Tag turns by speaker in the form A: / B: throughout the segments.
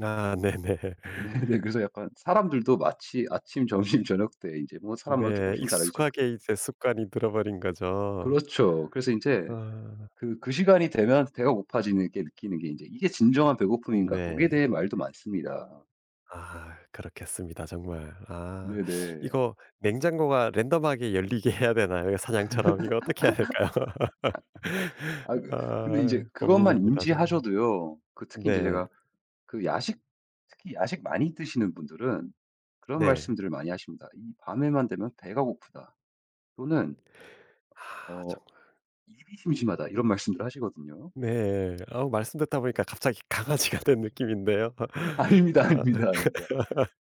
A: 아. 네네.
B: 네네. 그래서 약간 사람들도 마치 아침 점심 저녁 때 이제 뭐 사람마다
A: 네.
B: 쪼끔씩은 다르겠지만
A: 익숙하게 이제 습관이 들어버린 거죠.
B: 그렇죠. 그래서 인제
A: 아.
B: 그 그 시간이 되면 배가 고파지는 게 느끼는 게 인제 이게 진정한 배고픔인가 거기에
A: 네.
B: 대해 말도 많습니다.
A: 아. 그렇겠습니다 정말. 아.
B: 네네.
A: 이거 냉장고가 랜덤하게 열리게 해야 되나요 사장님처럼. 이거 어떻게 해야 할까요?
B: 아 그 근데 이제
A: 아
B: 그것만
A: 고민입니다 정말.
B: 인지하셔도요, 그 특히 인제
A: 네.
B: 제가 그 야식 특히 야식 많이 드시는 분들은 그런
A: 네.
B: 말씀들을 많이 하십니다. "이 밤에만 되면 배가 고프다." 또는
A: 아
B: 어
A: 정말.
B: "입이 심심하다." 이런 말씀들을 하시거든요.
A: 네. 어 말씀 듣다 보니까 갑자기 강아지가 된 느낌인데요.
B: 아닙니다,
A: 어
B: 아닙니다, 아닙니다.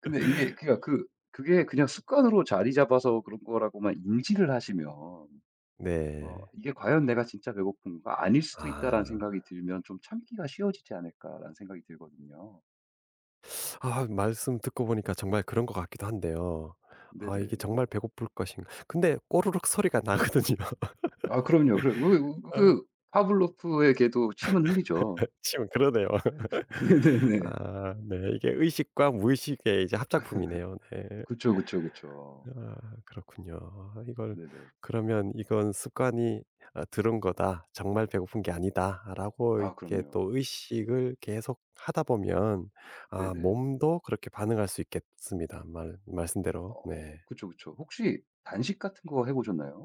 B: 근데 이게 그러니까 그 그게 그냥 습관으로 자리 잡아서 그런 거라고만 인지를 하시면 '어
A: 네.
B: 이게 과연 내가 진짜 배고픈가 아닐 수도 있다.'라는
A: 아.
B: 생각이 들면 좀 참기가 쉬워지지 않을까라는 생각이 들거든요.
A: 아 말씀 듣고 보니까 정말 그런 것 같기도 한데요. 아 이게
B: 네네.
A: 정말 배고플 것인 근데 꼬르륵 소리가 나거든요.
B: 아 그럼요. 그럼 그
A: 아.
B: 그 파블로프의 개도 침은 흘리죠.
A: 지금 그러네요.
B: 네네네.
A: 아 네. 이게 의식과 무의식의 이제 합작품이네요. 네.
B: 그쵸, 그쵸, 그쵸.
A: 아 그렇군요. 이걸
B: 네네.
A: 그러면 '이건 습관이 어 들은 거다 정말 배고픈 게 아니다.'라고
B: 아
A: 이렇게
B: 그럼요.
A: 또 의식을 계속하다 보면 아
B: 네네.
A: 몸도 그렇게 반응할 수 있겠습니다 말 말씀대로.
B: 어.
A: 네.
B: 그쵸, 그쵸. 혹시 단식 같은 거 해 보셨나요?